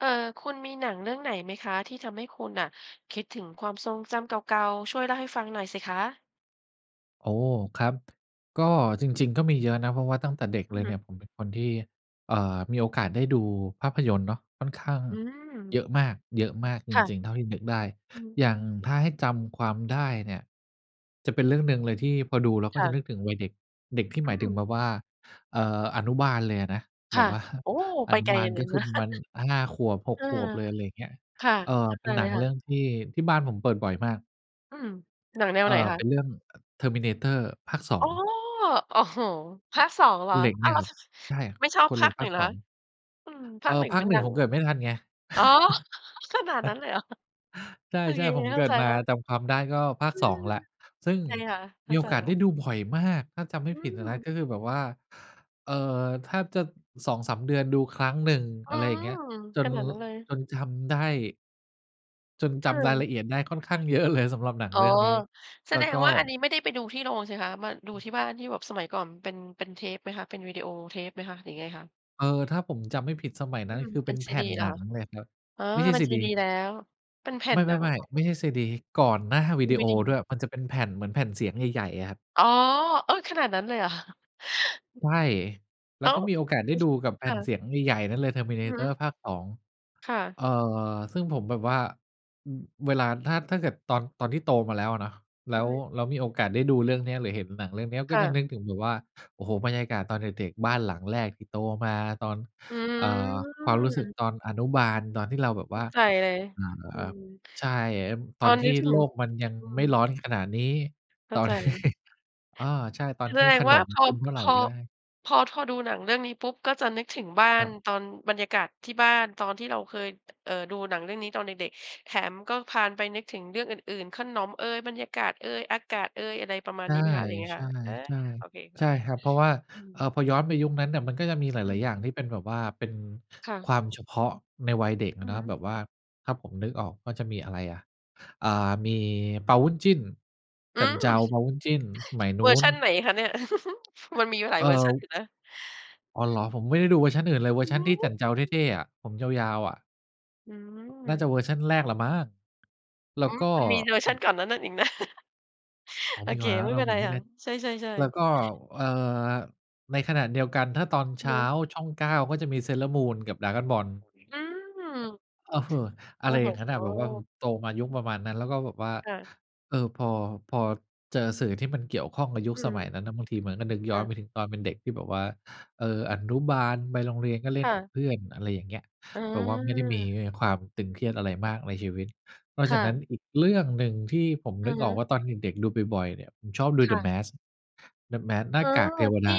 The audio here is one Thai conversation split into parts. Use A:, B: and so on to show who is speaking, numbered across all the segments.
A: เออ คุณมีหนังเรื่องไหนไหมคะ ที่ทำให้คุณน่ะคิดถึงความทรงจำเก่า ๆ ช่วยเล่าให้ฟังหน่อยสิคะ?
B: โอ้ ครับ ด ก็จริง ๆ ก็มีเยอะนะ เพราะว่าตั้งแต่เด็ก
A: อื
B: เ
A: อ
B: ลย
A: ฮ
B: เ
A: ึ
B: นี่ยผมเป็นคนที่ เอ่อ มีโอกาสได้ดูภาพยนตร์เนาะค่อนข้าง
A: อื
B: เย
A: ม
B: อะมาก เยอะมากจ
A: ค่ะ
B: ริง ๆ เท่าที่นึกได้
A: อืม
B: อย่างถ้าให้จำความได้เนี่ยจะเป็นเรื่องหนึ่งเลยที่พอดูเราก
A: ค
B: ็
A: ่
B: จะ
A: ะ
B: นึกถึงวัยเด็ก เด็กที่
A: อ
B: หม
A: ื
B: ายถึง
A: ม
B: แบบว่า เอ่อ อนุบาลเลยอะนะ
A: ค
B: แบ
A: ่ะ
B: บ ว่า
A: โอ้
B: อ
A: ไป
B: นุ
A: ไกล
B: บาล
A: เล
B: ก็
A: ย น
B: ค
A: น
B: ือ
A: ะ
B: ประมาณ 5 ขวบ ห
A: เ
B: ก
A: ออ
B: ขวบเลย อะไรอย่างเงี้ย
A: ค่ะ
B: เอ่อ
A: เข้า
B: เ
A: ใ
B: ป
A: จ
B: ็นห
A: เ
B: น
A: ล
B: ั
A: ย
B: ง
A: ค่
B: เรื
A: ะ
B: ่องที่ ที่บ้านผมเปิดบ่อยมาก
A: อืม หนังแนว
B: เอ่
A: ไ
B: อ
A: หนค
B: เ
A: ะ?
B: ป็นเรื่อง อ "Terminator" ภาค สอ
A: อ๋อ
B: ง
A: โอ้โฮ ภาค 2 เหร
B: ค
A: อ
B: นเหล็ก
A: อ
B: เ
A: ้
B: นี
A: า
B: ่
A: ว
B: ย
A: ล
B: ครับ
A: ช ช
B: ใช่
A: ไม่ชอบ
B: คนเ
A: ภ
B: ห
A: า
B: ล็ก
A: ค ห
B: ภ
A: นึ
B: า
A: ่ง
B: ค
A: เหร
B: ส
A: อค
B: อ
A: ะ
B: ง
A: อืม ภ
B: เอ
A: า
B: ่อ
A: ค 1
B: ภา
A: มั
B: ค
A: น
B: หนึ
A: ด
B: ่
A: ั
B: ง
A: ง
B: ผมเกิดไม่ทันไง
A: อ๋อ ขนาดนั้นเลย เหรอ?
B: ใ
A: โอ
B: ช
A: เค
B: ่ ๆ ผม
A: เข
B: เ
A: ้
B: ก
A: า
B: ิ
A: ใ
B: ด
A: จ
B: มา
A: แล้ว
B: จำความได้ก็ภาค
A: อื
B: 2
A: ม
B: แล้ว ซึ่ง
A: ใช่ค่ะ เข
B: ม
A: ้
B: ี
A: า
B: โอ
A: ใจ
B: กาส
A: แล
B: ไ
A: ้
B: ด้
A: ว
B: ดูบ่อยมาก ถ้าจำไม
A: อ
B: ่
A: ื
B: ผิดอะนะ
A: ม
B: ก็คือแบบว่า เอ่อ แทบจะ 2-3 เดือนดูครั้งหนึ่ง
A: อื
B: อะไรอย่างเ
A: ม
B: งี้ย จ
A: ข
B: น
A: นาด
B: ล
A: นั้นเลย
B: จนจำได้ จน
A: เ
B: จำราย
A: อ
B: ล
A: อ
B: ะเอียดได้ค่อนข้าง เยอะ เลยสำหรับหนัง
A: อ๋อ
B: เรื่องนี้
A: แส
B: แล้
A: ด
B: ว
A: ง
B: ก็
A: ว่าอันนี้ไม่ได้ไปดูที่โรงสิคะ มาดู
B: อือ
A: ที่บ้าน ที่แบบสมัยก่อน ม เป็น เป็นเทปไหมคะ เป็นวีดีโอเทปไหมคะ หรือยังไงคะ?
B: เออ ถ้าผมจำไม่ผิดสมัยน
A: อื
B: ั้นก
A: ม
B: ็คือ
A: เป
B: เป
A: ็
B: ็
A: น
B: น
A: ซ
B: แผ
A: ีด
B: ่
A: ี
B: น
A: เห
B: ห
A: รอ
B: นั
A: ค
B: ง
A: ะ?
B: เลยครับ
A: อ๋อ
B: ไม่ใช่
A: เป็น
B: ซี
A: ซี
B: ดี
A: ดีแล้ว เป็นแผ่
B: ไม
A: นหนังเ
B: ่
A: หรอ?
B: ๆ ๆ ไม่ใช่ซีดี ก่อนหน้าวิ
A: ดี
B: ดี
A: ว
B: โอ
A: ีด
B: ด้
A: ี
B: วย มันจะเป็นแผ่นเหมือนแผ่นเสียงใหญ่ ๆ อะครับ
A: อ๋อ เออ ขนาดนั้นเลยเหรอ คะ?
B: ใช่ แล
A: อ
B: ้
A: ้
B: ว
A: า
B: ก็
A: ว
B: มีโอกาสได
A: อ
B: ้ดูกับแ
A: ค
B: ผ่
A: ่
B: นเส
A: ะ
B: ียงใหญ่ ๆ นั้นเลย
A: อือฮ
B: Terminator
A: ึ
B: ภาค 2
A: ค่ะ
B: เอ่อ ซึ่งผมแบบว่า อ เวลาถ้า ถ้าเกิดตอน ตอนที่โตมาแล้วอะเนาะ แล
A: อ
B: ้
A: ื
B: ว
A: ม
B: แล้วมีโอกาสได้ดูเรื่องนี้ หรือเห็นหนังเรื่องนี้
A: ค
B: ก็
A: ่
B: จะ
A: ะ
B: นึกถึงแบบว่า โอ้โฮ บรรยากาศตอนเด็ก ๆ บ้านหลังแรกที่โตมา ตอน
A: อื
B: เอ่อ ความรู้สึก
A: ม
B: ตอนอนุบาล ตอนที่เราแบบ
A: เข
B: ว่
A: ้า
B: า
A: ใจเลย
B: เอ่
A: อื
B: อ
A: ม
B: ใช่ ต
A: ต
B: อน
A: อน
B: ท
A: นี
B: ี่
A: ้ถึ
B: โ
A: ง
B: ลกมันยัง
A: อื
B: ไม่
A: ม
B: ร้อนขนาดนี้
A: เข้
B: ต
A: า
B: อ
A: ใ
B: น
A: จ
B: ที่ อา ใช่ ตอ
A: แ
B: น
A: ส
B: ท
A: ด
B: ี่
A: ง
B: ข
A: ว
B: น
A: ่า
B: ม
A: พอ
B: กินเมื่อไ
A: พ
B: ร
A: อ
B: ก็ได้
A: พอ ทอ ดูหนังเรื่องนี้ปุ๊บ ก็จะนึกถึงบ้า
B: คร
A: น
B: ับ
A: ตอนบรรยากาศที่บ้าน ตอนที่เราเคย เอ่อ ดูหนังเรื่องนี้ตอนเด็ก ๆ แถมก็พาลไปนึกถึงเรื่องอื่น ๆ ขนมเอย บรรยากาศเอย อากาศเอย อะไรประมาณ
B: ใช
A: น
B: ่
A: ี้ไหมคะ หรือยังไงคะ? เออ
B: ๆ
A: โอเคค
B: ๆ ใช
A: ่ะ
B: ่ครับ เพราะว่า
A: อื
B: เอ่
A: ม
B: อ พอย้อนไปยุคนั้นเนี่ย มันก็จะมีหล
A: อื
B: าย
A: ม
B: ๆ อย่างที่เป็นแบบว่า เป็น
A: ค่
B: ค
A: ะ
B: วามเฉพาะในวัยเด็กอ
A: อื
B: ะเ
A: อ
B: นา
A: ฮ
B: ะ แ
A: ึ
B: บบว่า ถ้าผมนึกออกก็จะมีอะไรอะ อา มีเปาบุ้นจิ้น
A: อื
B: จั่นเจา เ
A: ม
B: ปาบุ้นจิ้น สมัยน
A: เ
B: ู
A: ว
B: ้
A: อร์ช
B: น
A: ันไหนคะเนี่ย? มันมีอยู่หลา
B: เ
A: ย
B: อ่
A: เวอร์ชันอ
B: อ
A: ยู่นะ
B: อ๋อ เหรอ
A: อื
B: ผมไม
A: ม
B: ่ได้ดูเวอร์ชันอื่นเลย เวอ
A: อื
B: ร
A: อ
B: ์ชั
A: ฮ
B: น
A: ึ
B: ที่จั่นเจา
A: อ
B: เ
A: ือ
B: ท่ ๆ อะ ผมยาว ๆ อะ
A: อื
B: น่า
A: ม
B: จะเวอร์ชันแรกแหละมั้ง แล้
A: ห
B: ว
A: ื
B: ก
A: อ
B: ็
A: มันมีเวอร์
B: อ
A: ช
B: ื
A: ัน
B: อ
A: ก่อนนะ นั้นอีกนะ
B: อ๋อ
A: โอ
B: มี
A: เ
B: ก
A: ค
B: ่อนหน้านั
A: ไ
B: ้
A: ม
B: น
A: ่
B: แล้
A: เป
B: ว
A: ็
B: เหร
A: น
B: อ? ผ
A: ไร
B: มไม่
A: ค่
B: แน
A: ะ
B: ่
A: ใช่
B: แล้ว
A: ๆ ๆ
B: ก็ เอ่อ ในขณะเดียวกัน ถ้าตอนเช
A: อือ
B: ้
A: ฮ
B: า
A: ึ
B: ช่อง 9 ก็จะมี Sailor Moon กับ Dragon Ball
A: อืม
B: อือฮึ อ
A: โ
B: ะ
A: อ
B: ไ
A: ้
B: ร
A: โ
B: อย่างงั้น
A: ฮ
B: น่ะ แบบว่า อืม โตมายุคประมาณนั้น แล้วก็แบบว่า
A: ค่ะ
B: เอ่อ พอ พอเจอสื่อที่มันเกี่ยวข้องกับยุค
A: อื
B: ส
A: อฮ
B: ม
A: ึ
B: ัยนั้นน่ะ บางทีมันก็นึกย
A: ค
B: ้
A: ่
B: อน
A: ะ
B: ไปถึงตอนเป็นเด็กที่แบบว่า เออ อนุบาลไปโรงเรียน ก็เล
A: ค
B: ่น
A: ่
B: กั
A: ะ
B: บเพื่อน อะไรอย่างเงี้ย
A: อ
B: แบบว่าไม่ได้มี
A: า
B: ความตึงเครียดอะไรมากในชีวิต นอก
A: ค
B: จา
A: ่
B: กนั้น
A: ะ
B: อีกเรื่องหนึ่งที่ผม
A: อ
B: น
A: ะ
B: ึก
A: ฮ
B: ออ
A: ะ
B: กว่าตอนเด็ก ๆ ดูบ่อย ๆ เนี่ย ผมชอบดู
A: ค
B: The
A: ่ะ
B: Mask The Mask หน
A: เ
B: ้
A: อ
B: า
A: อ
B: กากเทว
A: ท
B: ด
A: ี่
B: า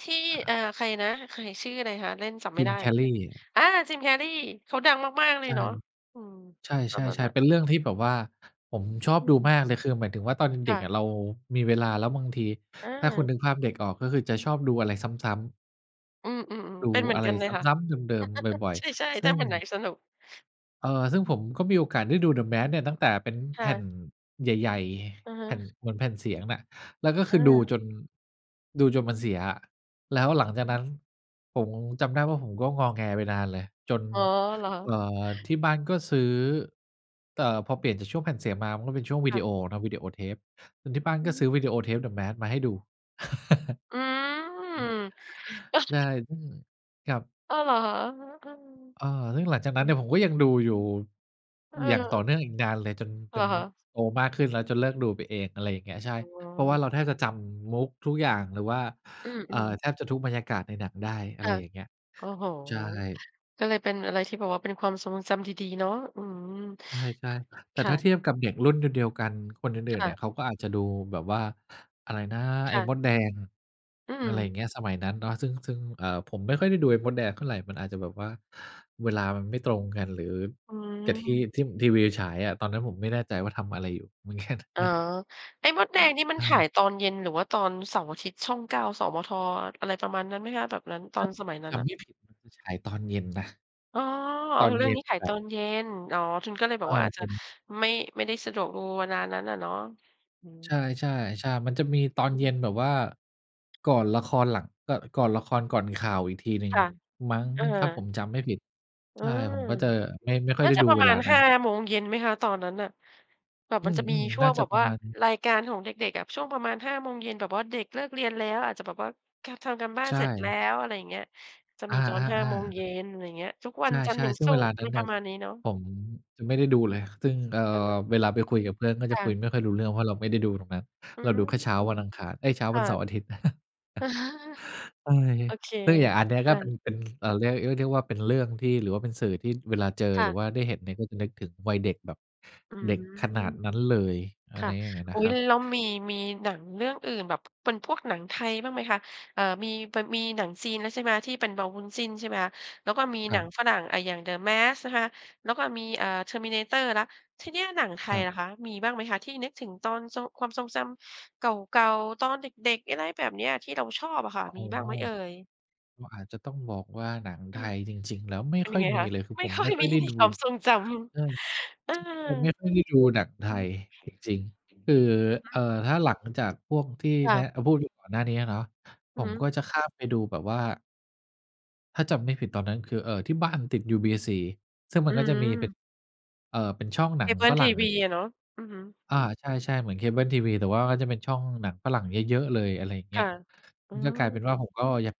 A: ที่
B: อ่า
A: อา ใครนะ? ใคร ชื่ออะไรคะ? เล่น จำไม่ได้
B: Jim
A: เหมือนกัน
B: Carrey
A: อา! Jim Carrey เขาดังมาก ๆ เล
B: ใ
A: ย
B: ช่
A: เนาะ อืม
B: ใช
A: ตอนนั้น
B: ่
A: น่
B: ๆ
A: ะ
B: ๆ เป็นเรื่องที่แบบว่าผมชอบ
A: อื
B: ดู
A: ม
B: มากเลย คือหมายถึงว่า ตอน
A: ค
B: เด็
A: ่
B: กอ
A: ะ
B: ะเรามีเวลา แล้วบางที
A: อ
B: ถ้าคุณ
A: า
B: นึกภาพเด็กออกก็คือจะชอบดูอะไรซ้ำ ๆ
A: อืม ๆ
B: ด
A: ๆ เ
B: ู
A: ป็นเหมือ
B: อ
A: น
B: ะไร
A: กันเล
B: ซ
A: ยค่ะ
B: ้ำ ๆ เดิม ๆ บ่อย
A: ใช่
B: ๆ ซ
A: ๆ ถ
B: ึ
A: ้า
B: ่ง
A: วันไหนสนุก
B: เอ่อ ซึ่ง
A: อื
B: ผ
A: อ
B: มก็มีโอกาสได้ดู The Mask เนี่ย ตั้งแต่เป็น
A: ค
B: แ
A: ่
B: ผ่น
A: ะ
B: ใหญ่
A: อือฮ
B: ๆ
A: ึ
B: แผ่น เหมือนแผ่นเสียงน่ะ แล้วก็คือดู
A: เออ
B: จน ดูจนมันเสียอะ แล้วหลังจา
A: อื
B: ก
A: อ
B: น
A: ฮ
B: ั้น
A: ึ
B: ผง จำได้ว่า ผมก็งอแงไปนานเลย จน
A: อ๋อ เหรอ?
B: เอ่อ ที่บ้านก็ซื้อ เอ่
A: อื
B: อ
A: อ
B: พ
A: อ
B: อ
A: ื
B: เป
A: ม
B: ลี่ยนจากช่วงแผ่นเสียงมา มันก็เป็นช่วงว
A: ค
B: ิ
A: ่
B: ด
A: ะ
B: ีโอเนาะ วีดีโอเทป อือ ที่บ้าน
A: อื
B: ก
A: อ
B: ็
A: ฮ
B: ซ
A: ึ
B: ื้อวีดีโอเทป The Mask มาให้ดู
A: อืม
B: อือ ใช่
A: แล้ว
B: อืม ครับ
A: อ้าว เหรอค่ะ? อือฮึ
B: เออ ซึ่ง หลังจาก
A: อืม อ
B: น
A: ื
B: ั้นเนี่
A: อ
B: ย ผมก็ยังดูอยู่
A: เ
B: อย่างต
A: ออ
B: ่อเนื่องอีกนานเลยจน จ
A: เหร
B: น
A: อคะ?
B: โตมากขึ้นแล้ว จนเลิกดูไปเอง อะไรอย่างเงี้ย ใช่
A: อือ ว้า
B: เพราะว่
A: ว
B: าเราแทบจะจำมุกทุกอย่าง หรือว่า
A: อื
B: เอ่
A: อ
B: อ
A: ๆ
B: แทบจะทุกบรรยากาศในหนังได้ อ
A: ค
B: ะไ
A: ่
B: ร
A: ะ
B: อย่างเงี้ย
A: โอ้โฮ
B: ใช่
A: ก็เลยเป็นอะไรที่แบบว่า เป็นความทรงจำดี ๆ เนาะ อืม
B: ใช่
A: ค่ะ
B: ๆ แต
A: ค
B: ่
A: ่
B: ถ้า
A: ะ
B: เทียบกับเด็กรุ่นเดียว เดียวกัน คนอ
A: ค
B: ื่น ๆ
A: ่
B: เนี่
A: ะ
B: ย เขาก็อาจจะดูแบบว่า อะไรนะ ไ
A: ค
B: อ้
A: ่ะ
B: มดแดง
A: อื
B: อะไรอย
A: ม
B: ่างเงี้ย สมัยนั้นเนาะ ซึ่ง ซึ่ง เอ่อ ผมไม่ค่อยได้ดูไอ้มดแดงเท่าไร มันอาจจะแบบว่า เวลามันไม่ตรงกัน หรือ
A: อื
B: กับที่
A: ม
B: ที่ทีวีอะฉายอะ ตอนนั้นผมไม่แน่ใจว่าทำอะไรอยู่ มันแค่
A: อ
B: ค
A: ๋อ
B: รับ
A: ไอ้มดแดง นี่มัน
B: อ
A: ถ
B: า
A: าย ตอนเย็น หรือว่าตอนเสาร์อาทิตย์ ช่อง 9 อสมท. อะไรประมาณนั้นไหมคะ แบบนั้น ตอ
B: ถ้า
A: นสมัยนั้
B: จ
A: นน่
B: ำ
A: ะ?
B: ไม่ผิดมันฉายตอนเย็นนะ
A: อ้อ
B: ตอน
A: เรื่
B: เย
A: อง
B: ็
A: นี
B: น
A: ้ฉาย
B: แบ
A: ต
B: บ
A: อนเย็น อ๋อ คุณก็เลยแบ
B: เอ
A: บ
B: ่อ
A: อาจจ
B: ผ
A: ะ
B: ม
A: ไม่ ไม่ได้สะดวกดูเวลานั้นน่ะเนาะ อืม
B: ใช่ ๆ ใช่ มันจะมีตอน
A: อือ
B: เ
A: ฮ
B: ย็น
A: ึ
B: แบบว่า ก่อนละคร หลัง ก ก่อนละครก่อนข่าวอีกทีหนึ่
A: ค
B: ง
A: ่ะ
B: มั้ง
A: เอ
B: นี่ถ้าผ
A: อ
B: มจำไม่ผิด
A: เ
B: ใ
A: อ
B: ช
A: อ
B: ่ ผมก็จะไม่ ไม่ค่อ
A: น
B: ย
A: ่
B: ไ
A: า
B: ด้
A: จะ
B: ดู
A: ประ
B: เว
A: มา
B: ลา
A: ณ
B: น
A: ห
B: ั้
A: ้
B: น
A: า โมงเย็นไหมคะ? ตอนนั้นน่ะ แบบ
B: อื
A: มันจะมี
B: ม
A: ช
B: ๆ
A: ่
B: น
A: ว
B: ่า
A: ง
B: จ
A: แบ
B: ะ
A: บ
B: ปร
A: ว
B: ะ
A: ่า
B: มาณนั้น
A: รายการของเด็ก ๆ อะ ช่วงประมาณ 5 โมงเย็น แบบว่าเด็กเลิกเรียนแล้ว อาจจะแบบว่า ค่ะ ทำการบ้า
B: ใ
A: น
B: ช
A: เสร็จแล้
B: ่
A: ว อะไรอย่างเงี้ย จะ
B: อ
A: มี
B: า
A: ตอน 5 โมง
B: ๆ ๆ
A: เย็น อะไรอย่างเงี้ย ทุกวั
B: ใ
A: นจันท
B: ช
A: ร์
B: ่
A: ถึง
B: ๆ ซึ่
A: ศ
B: ง
A: ุ
B: เวล
A: ก
B: า
A: ร์
B: นั
A: ม
B: ้
A: ี
B: น
A: ป
B: น
A: ร
B: ่
A: ะ
B: ะ
A: มาณนี้เนาะ
B: ผมจะไม่ได้ดูเลย ซึ่ง เอ่
A: อะฮ
B: อ
A: ะ
B: เวลาไปคุยกับเพื่อน ก็
A: ค
B: จะ
A: ่
B: คุย
A: ะ
B: ไม่ค่อยรู้เรื่อง เพราะเราไม่ได้ดูตรงนั้น
A: อื
B: เรา
A: ม
B: ดูแค่เช้าวันอังคาร เอ๊ย เช้า
A: ค
B: วั
A: ่ะ
B: นเสาร์อาทิตย์ ก็เลย
A: โอเค
B: ก็อย่างอันนี้
A: อ
B: ก็เป
A: า
B: ็น เป็น เอ่อ เรียก เรียกได้ว่าเป็นเรื่องที่ หรือว่าเป็นสื่อที่เวลาเจอ
A: ค่
B: หรือ
A: ะ
B: ว่าได้เห็นเนี่ย ก็จะนึกถึงวัยเด็กแบบ
A: อื
B: เ
A: ม
B: ด็กขนาดนั้นเลย อ
A: ค
B: ะไ
A: ่ะ
B: รอย่างงั้นน
A: อุ๊
B: ะ
A: ย
B: ครั
A: ล
B: บ
A: แล้วมี มีหนังเรื่องอื่นแบบเป็นพวกหนังไทยบ้างไหมคะ? เอ่อ มี ป มีหนังจีนนั้น ใช่ไหม ที่เป็นเปาบุ้นจิ้น ใช่ไหมคะ แล้วก็มี
B: ค
A: ห
B: ร
A: น
B: ั
A: ัง
B: บ
A: ฝรั่ง อะ อย่าง The Mask นะคะ แล้วก็มี อ่า Terminator แล้ว ทีนี้อะหนังไท
B: ค
A: ย
B: รับ
A: ล่ะคะ มีบ้างไหมคะ ที่นึกถึงตอนทรง ความทรงจำเก่า ๆ ตอนเด็ก ๆ อะไรแบบเนี้ย ที่เราชอบอะค่ะ
B: อ๋
A: มี
B: อ
A: บ้างไหมเอ่ย?
B: ก็อาจจะต้องบอกว่าหนัง
A: อ
B: ไท
A: ืม
B: ยจริง ๆ แล้วไม่
A: เป็น
B: ค
A: ย
B: ่
A: ั
B: อ
A: ง
B: ย
A: ไง
B: มี
A: คะ?
B: เลย คือ
A: ไม่
B: ผม
A: ค่อ
B: ไม
A: ย
B: ่ค่
A: ม
B: อ
A: ี
B: ยได้ดู
A: ความทรงจ
B: ใช่
A: ำ เออ
B: จ ผมไม่ค่อยได้ดูหนังไท
A: อือ
B: ย
A: ฮึ
B: จริง ๆ คือ เอ่อ
A: [unintelligible]
B: ถ้าหลังจากพวกที่
A: ค่
B: แนะ
A: ะ
B: เออ พูดถึงก่อนหน้าเนี้ยอะเนาะ ผ
A: อือฮ
B: ม
A: ึ
B: ก็จะข้ามไปดูแบบว่า ถ้าจำไม่ผิดตอนนั้นคือ เอ่อ ที่บ้านติดยูบีซีซึ่งมั
A: อื
B: นก็จะมีเป็
A: ม
B: น เอ่อ เป็นช่องหน
A: เ
B: ั
A: ค
B: ง
A: เบิ
B: ฝ
A: ลท
B: รั
A: ี
B: ่ง
A: ว
B: ไง
A: ีอะเนาะ อือฮึ
B: อา ใช่ ๆ เหมือนเคเบิ้ลทีวี แต่ว่าก็จะเป็นช่องหนังฝรั่งเยอะ ๆ เลย อะไรอย่าง
A: ค
B: เงี้
A: ่
B: ย
A: ะ อื
B: อ ก็กลายเป็นว่า
A: ม
B: ผมก็ยัง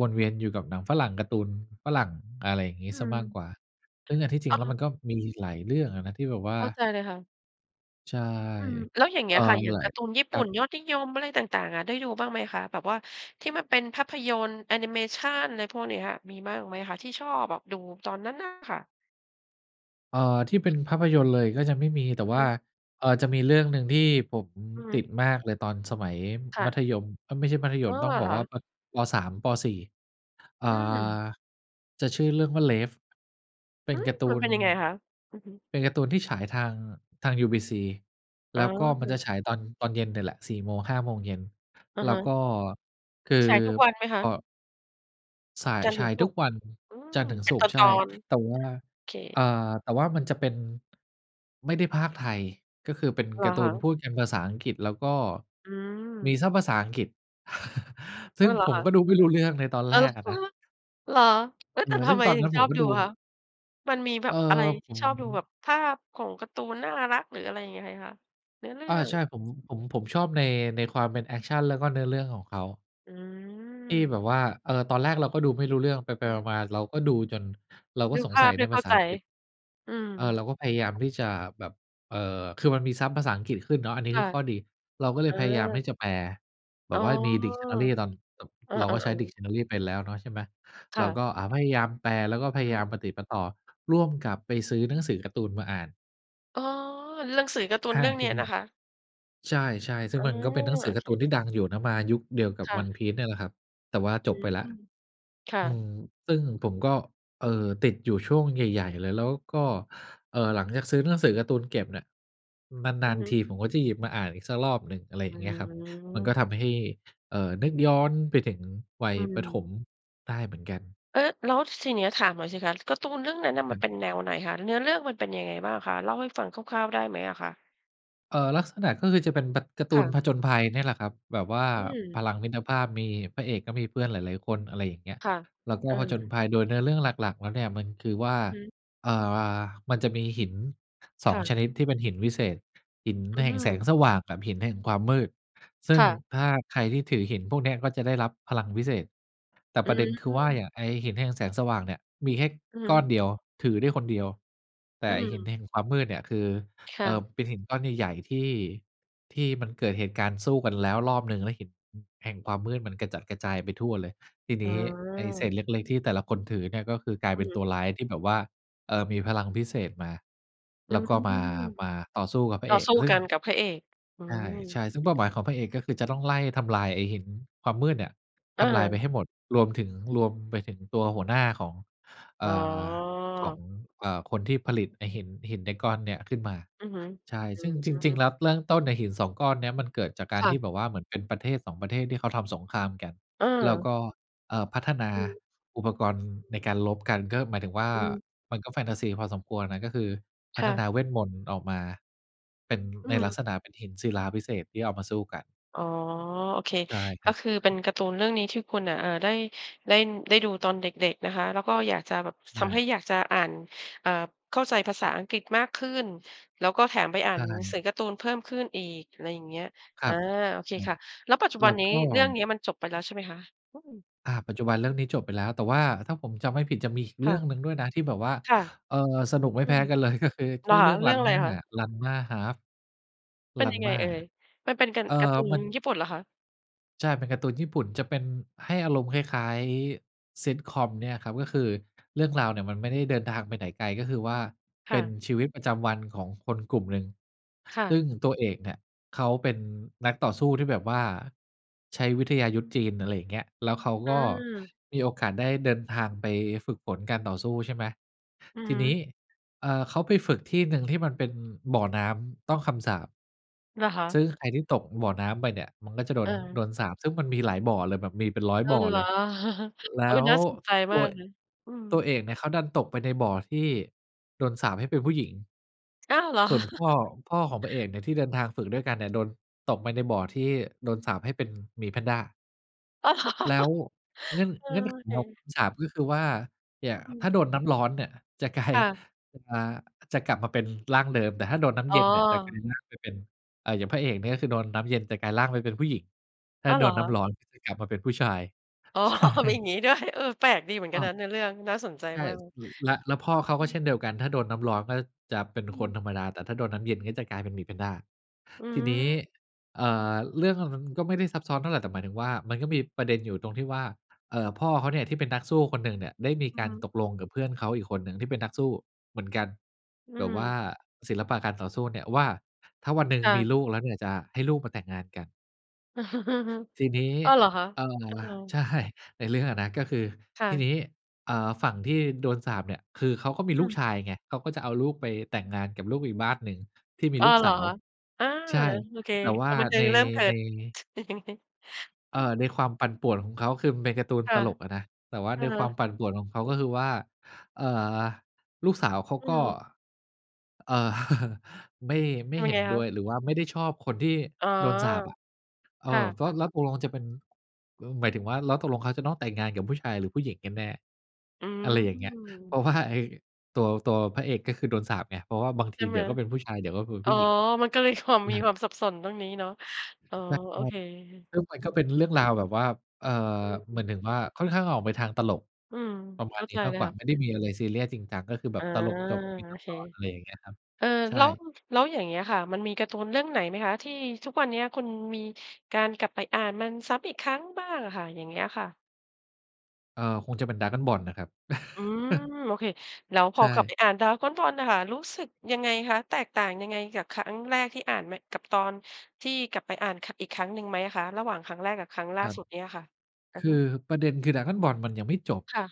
B: วนเวียนอยู่กับหนังฝรั่ง การ์ตูนฝรั่ง อะไรอย่างงี้
A: อื
B: เสีย
A: ม
B: มากกว่า ซึ่งอันที่จริ
A: อ
B: ง
A: า
B: แล้
A: ฮ
B: วมันก็มีอีกหลายเรื่องอะนะ ที่แบบว่
A: เข้า
B: า
A: ใจเลยค่ะ
B: ใช่
A: อืม แล้วอย่างเ
B: เ
A: ง
B: อ
A: ี้
B: ่อ
A: ยค่ะ อย่า
B: ห
A: ง
B: ลา
A: กา
B: ย
A: ร์ตูนญี่ป
B: ค
A: ุ
B: รั
A: ่น
B: บ
A: ยอดนิยม อะไรต่าง ๆ อะ ได้ดูบ้างไหมคะ แบบว่าที่มันเป็นภาพยนตร์ แอนิเมชัน ไรพวกเนี้ย มีบ้างไหมอะคะ ที่ชอบแบบดูตอนนั้นน่ะค่ะ?
B: เอ่อ ที่เป็นภาพยนตร์เลยก็จะไม่มี แต่
A: อือ
B: ว
A: ฮ
B: ่
A: ึ
B: า เออ จะมีเรื่องหนึ่งที่ผม
A: อือฮ
B: ต
A: ึ
B: ิดมากเลยตอนสมัย
A: ค่
B: มั
A: ะ
B: ธยม เอ๊ย ไม่ใช่มัธย
A: อ้อ
B: ม ต้อง
A: เ
B: บ
A: ห
B: อ
A: ร
B: ก
A: อค
B: ว่า
A: ะ?
B: ป ป.3 ป.4 เอ่
A: อ
B: อ
A: ืม
B: จะชื่อเรื่องว่า Rave เป็
A: อื
B: น
A: ม
B: การ์ต
A: ม
B: ู
A: ันเ
B: น
A: ป็นยังไงคะ? อือฮึ
B: เป็นการ์ตูนที่ฉายทาง ทางยูบีซี
A: อ
B: แ
A: ๋
B: ล้วก็มันจ
A: อ
B: ะฉายตอน ตอนเย็นเนี่ยแหละ 4-5 โมงเย็น
A: อะ
B: แล
A: ฮ
B: ้ว
A: ะ
B: ก็ คือ
A: ฉายทุกวันไหมค
B: พ
A: ะ?
B: อ ส่าย
A: จันทร์
B: ฉ
A: ถึ
B: า
A: ง
B: ย
A: ศุ
B: ทุ
A: ก
B: ก
A: ร์
B: วัน
A: อื
B: จั
A: ม
B: นทร์ถึง
A: เป
B: ศ
A: ็น
B: ุ
A: ต
B: กร
A: อ
B: ์ ใช่
A: น
B: แต่ว่า
A: ๆ เค
B: เอ่อ แต่ว่ามันจะเป็น ไม่ได้พากย์ไทย ก็คือเป็น
A: เหร
B: ก
A: อ
B: าร์ต
A: ค
B: ู
A: ะ?
B: นพูดกันภาษาอังกฤษ แล้วก็
A: อื
B: มี
A: ม
B: ซับภาษาอังกฤษ ซ
A: เอ
B: ึ
A: อ
B: ่ง
A: เหรอ
B: ผม
A: คะ?
B: ก็ดูไม่รู้เรื่องในตอน
A: เออ
B: แรกอะนะ
A: เหรอ? เอ๊ย
B: อ่
A: แต่
B: า
A: ท
B: ซึ่
A: ำ
B: ง
A: ไม
B: ตอน
A: ถึ
B: นั้
A: ง
B: น
A: ช
B: ผ
A: อ
B: ม
A: บ
B: ก็
A: ดู
B: ดู
A: อะคะ? มันมีแบ
B: เออ
A: บอะไร
B: ผ
A: ที่
B: ม
A: ชอบดู แบบภาพของการ์ตูนน่ารัก หรืออะไรยังไงคะ? เนื้อเรื่
B: อา
A: อ
B: ใช
A: ง
B: ่ ผม ผม ผมชอบใน ในความเป็นแอกชันแล้วก็เนื้อเรื่องของเขา
A: อื
B: ที่
A: ม
B: แบบว่า เออ ตอนแรกเราก็ดูไม่รู้เรื่อง ไป
A: อือฮึ
B: ๆ มา ๆ เราก็ดูจน เราก
A: ด
B: ็
A: ู
B: ส
A: ภ
B: ง
A: า
B: สั
A: พ
B: ย
A: ไ
B: ใ
A: ม
B: น
A: ่เ
B: ภ
A: ข้
B: า
A: า
B: ษา
A: ใจ
B: อังกฤษ
A: อืม
B: เออ เราก็พยายาม
A: ค่ะ
B: ที่จะแบบ เอ่อ คือมันมีซับภาษาอังกฤษขึ้นเนาะ อันนี้
A: ค่
B: คื
A: ะ
B: อข้อดี เราก็เล
A: อ
B: ยพยายามท
A: า
B: ี่จะแปล แบ
A: อ๋อ
B: บว่ามี Dictionary ตอน ต
A: เอ
B: เราก
A: อ
B: ็ใช้
A: ๆ ๆ
B: Dictionary เป็นแล้วเนาะ ใช่ไหม
A: ค
B: เ
A: ่
B: รา
A: ะ
B: ก็ อ่า พยายามแปล แล้วก็พ
A: อื
B: ยายาม
A: ม
B: ปะติดปะต่อ ร่วมกับไปซื้อหนังสือการ์ตูนมาอ่าน
A: อ๋อ หนังสือ การ์ตูน
B: ห้
A: เ
B: า
A: รื่อง
B: เ
A: เ
B: ท
A: นี้
B: ค
A: ย
B: กะ
A: น
B: หน
A: ะ
B: ิก
A: คะ
B: ใช่ ๆ ซึ
A: อ
B: ่ง
A: า
B: มันก็เป็นหนังสื
A: โอ
B: อกา
A: เ
B: ร์ตู
A: ค
B: นที่ดังอยู่นะ มายุคเดียวกับ
A: ค่ะ
B: ONE PIECE เนี่ยแหละครับ แต่ว่า
A: อ
B: จ
A: ื
B: บไป
A: ม
B: แล้ว
A: ค่
B: อื
A: ะ
B: ม ซึ่งผมก็ เอ่อ ติดอยู่ช่วงใหญ่ ๆ เลย แล้วก็ เอ่อ หลังจากซื้อหนังสือการ์ตูนเก็บเนี่ย น
A: อ
B: า
A: ือ
B: น
A: ฮ
B: ๆ ท
A: ึ
B: ีผมก็จะหยิบมาอ่านอีกสักรอบหนึ่ง อะไรอ
A: อ
B: ย่
A: ื้
B: า
A: อ
B: งเงี
A: ฮ
B: ้
A: ื
B: ยครับ มัน
A: อ
B: ก็ทำให้ เอ่อ นึกย้อนไปถึงวั
A: อ
B: ย
A: ื
B: ประถ
A: ม
B: มได้เหมือนกัน
A: เออ แล้วทีเนี้ยถามหน่อยสิคะ การ์ตูนเรื่องนั้นน่ะ
B: ค
A: มั
B: รั
A: น
B: บ
A: เป็นแนวไหนคะ เนื้อเรื่องมันเป็นยังไงบ้างคะ เล่าให้ฟังคร่าว ๆ ได้ไหมอะคะ?
B: เอ่อ ลักษณะก็คือจะเป็นแบบ การ์ต
A: ค
B: ู
A: ่
B: น
A: ะ
B: ผจญภัย เนี่ยแหละครับ แบบว่า
A: อืม
B: พลังมิตรภาพ มี พระเอกก็มีเพื่อนหลาย ๆ คน อะไรอย่างเงี้ย
A: ค่ะ
B: แล้วก
A: เ
B: ็
A: อ
B: ผจญ
A: อ
B: ภัย โดยเนื้อเรื่องหลัก ๆ แล้วเนี่ย มันคือว่า
A: อือฮึ
B: เอ่อ มันจะมีหิน สอ
A: ค่
B: ง
A: ะ
B: ชนิดที่เป็นหินวิเศษ หิน
A: อื
B: แห่งแสง
A: ม
B: สว่างแบบหินแห่งความมืด ซึ
A: ค
B: ่ง
A: ่ะ
B: ถ้าใครที่ถือหินพวกเนี้ย ก็จะได้รับพลังวิเศษ แต่
A: อื
B: ประเด็นคือว่า อ
A: ม
B: ย่างไอ้หินแห่งแสงสว่างเนี่ย มีแค่
A: อือฮึ
B: ก้อนเดียว ถือได้คนเดียว แต
A: อ
B: ่
A: ื
B: ไอ้หิน
A: ม
B: แห่งความมืดเนี่ย คือ
A: ค
B: เ
A: ่
B: อ่
A: ะ
B: อ เป็นหินก้อนใหญ่ ๆ ที่ ที่มันเกิดเหตุการณ์สู้กันแล้วรอบหนึ่ง แล้วหิน อ แห่งความมืดมันกระจัดกระจายไปทั่วเลย ที
A: อ
B: น
A: ๋อ
B: ี้ไอ้เศษเล็ก ๆ ที่แต่ละคนถือเนี่ย ก็คือกลาย
A: อ
B: เป็
A: ื
B: นต
A: ม
B: ัวร้ายที่แบบว่า เออ มีพลังพิเศษมา
A: อื
B: แล้ว
A: ม
B: ก็มา มาต่อสู้กับพร
A: ต
B: ะ
A: ่
B: เ
A: อ
B: อก
A: สู้
B: อ ซึ่
A: ก
B: ง
A: ันกับพระเอก อื
B: ใช่
A: ม
B: ใช่ ซึ่งเป้าหมายของพระเอก ก็คือ จะต้องไล่ทำลายไอ้หินความมืดเนี่ย
A: อ
B: ทำลายไป
A: า
B: ให้หมด รวมถึง รวมไปถึงตัวหัวหน้าของ เอ
A: อ๋
B: ่อ ของ
A: อ
B: เอ่อ คนที่ผลิตไอ
A: อ
B: ้
A: ือฮึ
B: หิน หินได้ก้อนเนี่ยขึ้นมา
A: อือฮึ
B: ใช่
A: อื
B: ซึ่งจริง
A: อ
B: ๆ แล้ว เริ่ม ต้นน่ะหิน 2 ก้อนเนี่ย มันเกิดจากกา
A: ค
B: ร
A: ่
B: ที
A: ะ
B: ่แบบว่าเหมือนเป็นประเทศ 2 ประเทศ ที่เขาทำสงครามกัน แล้ว
A: เออ
B: ก็ เอ่อ พัฒนา
A: อือฮึ
B: อุปกรณ์ น ในการรบกัน ก็หมายถึงว่า
A: อืม
B: มันก็แฟนทาซีพอสมควรน่ะ ก็คือพ
A: ค
B: ัฒ
A: ่ะ
B: นาเวทมนตร์ออกมา เป็น
A: อื
B: ในลัก
A: ม
B: ษณะเป็นหินศิลาวิเศษที่เอามาสู้กัน
A: อ๋อ โอเค
B: ใช่ ค
A: ก
B: ร
A: ็
B: ับ
A: คือเป็นการ์ตูนเรื่องนี้ที่คุณน่ะ อ่า ได้ เล่น ได้ดูตอนเด็ก ๆ นะคะ แล้วก็อยากจะแบบ
B: ใช
A: ทำให
B: ่
A: ้อยากจะอ่าน อ่า เข้าใจภาษาอังกฤษมากขึ้น แล้วก็แถมไปอ่า
B: ใช
A: นหนังส
B: ่
A: ือการ์ตูนเพิ่มขึ้นอีก อะไรเงี้ย
B: คร
A: อา
B: ับ
A: โอเค
B: ครั
A: ค
B: บ
A: ่ะ แล้วปัจจุบ
B: แ
A: ั
B: ล
A: น
B: ้ว
A: นี้
B: ก็
A: เรื่องเนี้ยมันจบไปแล้วใช่ไหมคะ? อือ
B: อ่า ปัจจุบันเรื่องนี้จบไปแล้ว แต่ว่าถ้าผมจำไม่ผิดจะมีอีก
A: ค
B: เรื
A: ่
B: ่
A: ะ
B: องหนึ่งด้วยนะที่แบบว่า
A: ค่ะ
B: เอ่อ สนุกไม่
A: อื
B: แพ้
A: ม
B: กัน เลย ก็คือ
A: เห
B: ช
A: รอ
B: ื่อ
A: ค
B: เร
A: ะ
B: ื่อง
A: เรื่องอะไร
B: RANMA
A: คะ?
B: RANMA ½
A: เป็นยังไง
B: RANMA
A: เอ่ย มันเป็นกัน
B: เอ่อ
A: การ์ตูน
B: มัน
A: ญี่ปุ่นเหรอคะ?
B: ใช่ เป็นการ์ตูนญี่ปุ่นจะเป็น ให้อารมณ์คล้าย ๆ ซิตคอมเนี่ยครับ ก็คือเรื่องราวเนี่ยมันไม่ได้เดินทางไปไหนไกล ก็คือว่า
A: ค
B: เป
A: ่
B: ็น
A: ะ
B: ชีวิตประจำวันของคนกลุ่มหนึ่ง
A: ค่
B: ซ
A: ะ
B: ึ่งตัวเอกเนี่ย เขาเป็นนักต่อสู้ที่แบบว่าใช้วิทยายุทธจีน อะไรอย่างเงี้ย แล้วเขา
A: อ
B: ก็
A: ืม
B: มีโอกาสได้เดินทางไปฝึกฝนการต่อสู้ ใช่ไหม
A: อือ
B: ท
A: ฮ
B: ีนี้
A: ึ
B: เอ่อ เขาไปฝึกที่หนึ่งที่มันเป็นบ่อน้ำต้องคำสาป
A: เหรอค่
B: ซ
A: ะ
B: ึ่งใครที่ตกบ่อน้ำไปเนี่ย มันก็จะโด
A: เ
B: น โด
A: ออ
B: นสาปซึ่งมันมีหลายบ่อเลย แบบมีเป็นร้อย
A: อ้อ
B: บ่อ
A: เหร
B: เล
A: อ
B: ย แล
A: เอ๊
B: ้
A: ย
B: ว
A: น่าสนใจ
B: ต
A: มา
B: ว
A: ก
B: ย
A: เลย อืม
B: ตัวเอกเนี่ย เขาดันตกไปในบ่อที่ โดนสาปให้เป็นผู้หญิง ส
A: อ้าว เหรอ
B: ่วนพ่อ พ่อของพระเอกเนี่ย ที่เดินทางฝึกด้วยกันเนี่ย โดน ตกไปในบ่อที่ โดนสาปให้เป็นหมีแพนด้า
A: อ้าว เหรอ
B: แล้ว เง
A: เออ
B: ื
A: โ
B: ่
A: อ
B: อน
A: เ
B: เงื่อนไขของค
A: ค
B: ำสาป ก็คือว่า เนี่ย
A: อื
B: ถ้าโ
A: ม
B: ดนน้ำร้อนเนี่ย จะกลา
A: ค
B: ย
A: ่ะ
B: อ่า จะกลับมาเป็นร่างเดิม แต่ถ้าโดนน้ำ
A: อ๋
B: เย็นเนี่ยจะกลาย
A: อ
B: ร่างไปเป็น อ่า อย่างพระเอกเนี่ย ก็คือ โดนน้ำเย็นจะกลายร่างไปเป็นผู้หญิง ถ้า
A: อ๋อ
B: โ
A: เ
B: ด
A: หรอ
B: นน
A: ค
B: ้
A: ะ
B: ำร้อนจะกลับมาเป็นผู้ชาย
A: อ๋อ
B: ใช
A: มีอย
B: ่
A: ่างงี้ด้วย เออ แปลกดีเหมือนกั
B: อ
A: นน
B: ับ
A: ะในเรื่อง น่าสนใจ
B: ใช่
A: มาก
B: พ ล แล้วพ่อเขา
A: อื
B: ก็เ
A: ม
B: ช่นเดียวกัน ถ้าโดนน้ำร้อนก็จะเป็น
A: อื
B: คน
A: ม
B: ธรรมดา แต่ถ้าโดนน้ำเย็นก็จะกลายเป็นหมีแพนด้า
A: อื
B: ทีนี้
A: ม
B: เอ่อ เรื่องอะมันก็ไม่ได้ซับซ้อนเท่าไร แต่หมายถึงว่า มันก็มีประเด็นอยู่ตรงที่ว่า เอ่อ พ่อเขาเนี่ย ที่เป็นนักสู้คนหนึ่งเนี่ย ได้มี
A: อื
B: ก
A: อ
B: า
A: ฮ
B: ร
A: ึ
B: ตกลงกับเพื่อนเขาอีกคนหนึ่งที่เป็นนักสู้เหมือนกัน
A: อื
B: แบบว่
A: ม
B: าศิลปะการต่อสู้เนี่ยว่า ถ้าวันหนึ่ง
A: ค่
B: มี
A: ะ
B: ลูกแล้วเนี่ย จะให้ลูกมาแต่งงานกัน ทีนี้
A: อ้าว เหรอคะ?
B: เอ่อ
A: อ้าว
B: ใช่ ในเรื่องอะนะ ก็คือ
A: ค่
B: ทีน
A: ะ
B: ี้ เอ่อ ฝั่งที่โดนสาปเนี่ย คือเขาก็มี
A: อ
B: ลู
A: ื
B: ก
A: ม
B: ชายไง เขาก็จะเอาลูกไปแต่งงานกับลูกอีกบ้านหนึ่งที่มี
A: อ้อ
B: ลูก
A: เหร
B: ส
A: อ
B: าว
A: คะ? อา
B: ใช่
A: โอเค
B: แต่ว
A: ค
B: ่
A: ว
B: า
A: ามบันเทิ
B: ใน
A: งเริ่มเกิ
B: ใน
A: ด
B: เ
A: อ
B: อ่
A: ือ
B: อ ในความปั่นป่วนของเขา คือมันเป็นการ์ตูน
A: ค่
B: ต
A: ะ
B: ลกอะนะ แต่ว่า
A: เอ
B: ในความ
A: อ
B: ปั่นป่วนของเขาก็คือว่า เอ่อ ลูกสาวเขา
A: อื
B: ก็
A: ม
B: เอ่อ ไม่ ไม่
A: ทำ
B: เ
A: ยั
B: ห็
A: งไ
B: น
A: งค
B: ด้
A: ะ?
B: วย หรือว่าไม่ได้ชอบคนที่
A: อ๋อ
B: โดนสาปอะ เอ
A: ค่
B: อ แล้ว
A: ะ ๆ
B: แล้วตกลงจะเป็น เออ หมายถึงว่า แล้วตกลงเขาจะต้องแต่งงานกับผู้ชายหรือผู้หญิงกันแน่
A: อื
B: อะไรอย่างเงี้ย เพร
A: ม
B: าะว่า ไอ้ตัว ตัวพระเอกก็คือโดนสาปไง เพราะว่าบาง
A: ใ
B: ท
A: ช
B: ี
A: ่
B: เ
A: ไ
B: ดี
A: หม?
B: ๋ยวก็เป็นผู้ชาย เดี๋ยวก็คือ
A: อ
B: ผ
A: ๋อ
B: ู้หญิง
A: มันก็เลย ความ
B: แ
A: ม
B: ล
A: ี
B: ้ว
A: ความสับสนตรงนี้เนาะ อ๋อ
B: แล้ว
A: โ
B: พ
A: อ
B: อ
A: เค
B: ซึ่งมั
A: อ
B: น
A: ื
B: ก็
A: ม
B: เป็นเรื่องราวแบบว่า เอ่อ
A: อ
B: เหม
A: ื
B: ือ
A: ม
B: นถึงว่าค่อนข้างออกไปทางตลก
A: อืม
B: ประม
A: เข
B: า
A: ้
B: ณ
A: า
B: น
A: ใ
B: ี
A: จ
B: ้ม
A: เ
B: า
A: ล
B: ก
A: ย
B: กว
A: ค
B: ่า
A: ่ะ
B: ไม่ได้มีอะไรซีเรียสจริงจัง ก็คือแบ
A: อา
B: บตลกจบเป็น
A: โอ
B: ต
A: เค
B: อน ๆ อะไรอย่างเงี้ยครับ
A: เออ
B: ใช
A: แ
B: ่
A: ล้ว แล้วอย่างเงี้ยค่ะ มันมีการ์ตูนเรื่องไหนไหมคะ? ที่ทุกวันเนี้ยคุณมีการกลับไปอ่านมันซ้ำอีกครั้งบ้างอะค่ะ อย่างเงี้ยค่ะ?
B: เออ คงจะเป็น Dragon Ball นะครับ
A: อืม โอเค แล้วพ
B: ใช
A: อกลับไป
B: ่
A: อ่าน Dragon Ball น่ะค่ะ รู้สึกยังไงคะ? แตกต่างยังไงกับครั้งแรกที่อ่าน ม กับตอนที่กลับไปอ่านครั้ง อีกครั้งหนึ่งไหมอะคะ? ระหว่างครั้งแรกกับครั้งล่
B: ค
A: า
B: รั
A: ส
B: บ
A: ุดเนี้ยอะค่ะ อื
B: ค
A: อฮ
B: ื
A: ึ
B: อประเด็น คือ Dragon Ball มันยังไม่จบ
A: ค่ะ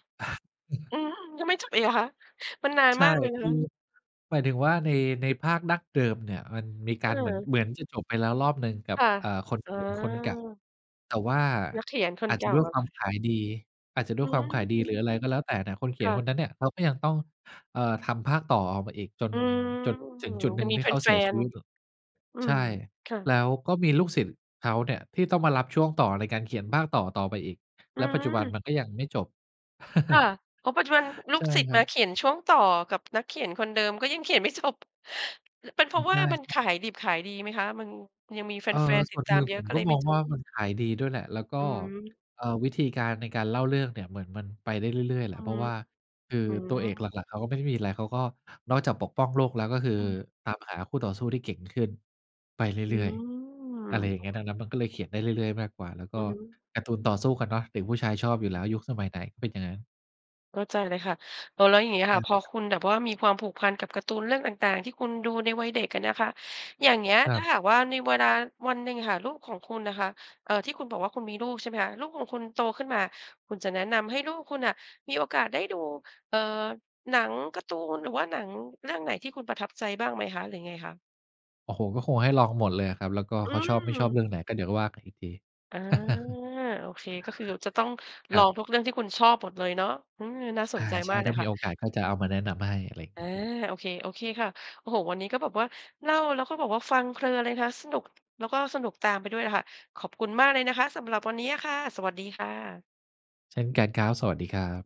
A: อืม ยังไม่จบอีกเหรอคะ มันนาน
B: ใช่
A: มากเลยน
B: ค
A: ะ
B: ื
A: ค
B: อ
A: ะ
B: หมายถึงว่าใน ในภาคดั้งเดิมเนี่ย มันมีการเหมือน
A: เออ
B: เหมือนจะจบไปแล้วรอบหนึ่งกั
A: ค
B: บ
A: ่ะ
B: เอ่อ คน
A: อ๋
B: เข
A: อ
B: ียนคนเก่า แต่ว่า
A: นักเขียนค
B: อ
A: น
B: าจ
A: เ
B: จะ
A: ก่า
B: ด้วย
A: อ
B: ค
A: ะ
B: วา
A: ค
B: ม
A: ่ะ
B: ขายดี อาจจะด้
A: อ
B: ว
A: ื
B: ยความขายดี
A: ม
B: หรืออะไรก็แล้วแต่เนี่ย คนเขี
A: ค
B: ย
A: ่
B: นค
A: ะ
B: นนั้นเนี่ย เขาก็ยังต้อง เอ่อ ทำภาคต่อออกมาอีกจน
A: อืม
B: จนถึงจุดหน
A: ย
B: ึ
A: ั
B: ่ง
A: งมี
B: ที่
A: แ
B: เขาเ
A: ฟ
B: สียชี
A: น
B: วิต ล
A: ๆ อื
B: ใช
A: ม
B: ่
A: ค่ะ
B: แล้วก็มีลูกศิษย์เขาเนี่ย ที่ต้องมารับช่วงต่อในการเขียนภาคต่อต่อไปอีก
A: อ
B: แ
A: ื
B: ล้วปัจจุบัน
A: ม
B: มันก็ยังไม่จบ
A: ค่ะ อ๋อ ปัจจุบันล
B: ใ
A: ู
B: ช
A: ก
B: ่
A: ศิษย
B: ค
A: ์
B: ร
A: ม
B: ั
A: า
B: บ
A: เขียนช่วงต่อกับนักเขียนคนเดิม ก็ยังเขียน ไม่จบ เป็นเพ
B: อื
A: ราะ
B: ม
A: ว
B: ใ
A: ่ามัน
B: ช
A: ข
B: ่
A: า
B: ๆ
A: ยดิบขายดีไหมคะ? มันยังมีแ
B: เออ
A: ฟน ๆ
B: ส
A: ติ
B: ่
A: ด
B: วน
A: ต
B: ห
A: า
B: นึ
A: ม
B: ่ง
A: เยอ
B: ผ
A: ะ
B: ม
A: ก็
B: ก
A: เล
B: ็
A: ยไ
B: ม
A: ม่
B: อง
A: จ
B: ว
A: บ
B: ่ามันขายดีด้วยแหละ แล้วก็
A: อืม
B: เอ่อ วิธีการในการเล่าเรื่องเนี่ยเหมือนมันไปได้เรื่อย ๆ แห
A: อื
B: ละ
A: อ
B: เพ
A: ฮ
B: รา
A: ึ
B: ะว่าคือ
A: อื
B: ตัวเอกหล
A: ม
B: ัก ๆ เขาก็ไม่ได้มีอะไร เขาก็นอกจากปกป้องโลกแล้ว ก็คือ
A: อือฮึ
B: ตามหาคู่ต่อสู้ที่เก่งขึ้นไปเ
A: อื
B: รื่อย
A: ม
B: ๆ อะไรอย่
A: โ
B: า
A: อ
B: งเงี้
A: เ
B: ย ดังนั
A: ค
B: ้นมันก็เลยเขียนได้เรื่อย ๆ มากกว่า แล้วก
A: อ
B: ็
A: ือฮึ
B: การ์ตูนต่อสู้กันเนาะ เด็กผู้ชายชอบ
A: อ
B: อ
A: ื
B: ยู่แล
A: ม
B: ้ว ยุคสมัยไหนก็เป็นอย่างงั้น
A: เข้าใจเลยค่ะ เออ แล้วอย่างงี้
B: ใ
A: ค
B: ช
A: ่
B: ่
A: ะ พอ
B: ครับ
A: คุณแบบว่ามีความผูกพันกับการ์ตูนเรื่องต่าง ๆ ที่คุณดูในวัยเด็กอะนะคะ อย่างเงี้ย
B: คร
A: ถ้
B: ั
A: า
B: บ
A: หากว่าในเวลาวันหนึ่งค่ะ ลูกของคุณนะคะ เอ่อ ที่คุณบอกว่าคุณมีลูก ใช่ไหมคะ ลูกของคุณโตขึ้นมา คุณจะแนะนำให้ลูกคุณน่ะมีโอกาสได้ดู เอ่อ หนัง การ์ตูน หรือว่าหนังเรื่องไหนที่คุณประทับใจบ้างไหมคะ? หรือยังไงคะ?
B: โอ้โฮ ก็คงให้ลองหมดเลยอะครับ แล้วก็
A: อื
B: เขาชอบไม่ชอบ
A: ม
B: เรื่องไหนก็เดี๋ยวว่ากันอีกที
A: อา โอเค ก็คือจะต้อง
B: ค
A: ล
B: ร
A: อ
B: ับ
A: งทุกเรื่องที่คุณชอบหมดเลยเนาะ อืม น่าส
B: อ
A: น
B: า
A: ใจ
B: ใช
A: มา
B: ่
A: กเล
B: ถ้
A: ย
B: าม
A: ค
B: ี
A: ่ะ
B: โอกาสก็จะเอามาแนะนำให้ อะไรอย่าง
A: อ
B: เง
A: า
B: ี้ย
A: โอเค โอเคค่ะ โอ้โฮ วันนี้ก็แบบว่า เล่าแล้วก็แบบว่าฟังเพลินเลยนะคะ สนุก แล้วก็สนุกตามไปด้วยค่ะ ขอบคุณมากเลยนะคะ สำหรับวันนี้อะค่ะ สวัสดีค่ะ
B: เช่นกันครับ สวัสดีครับ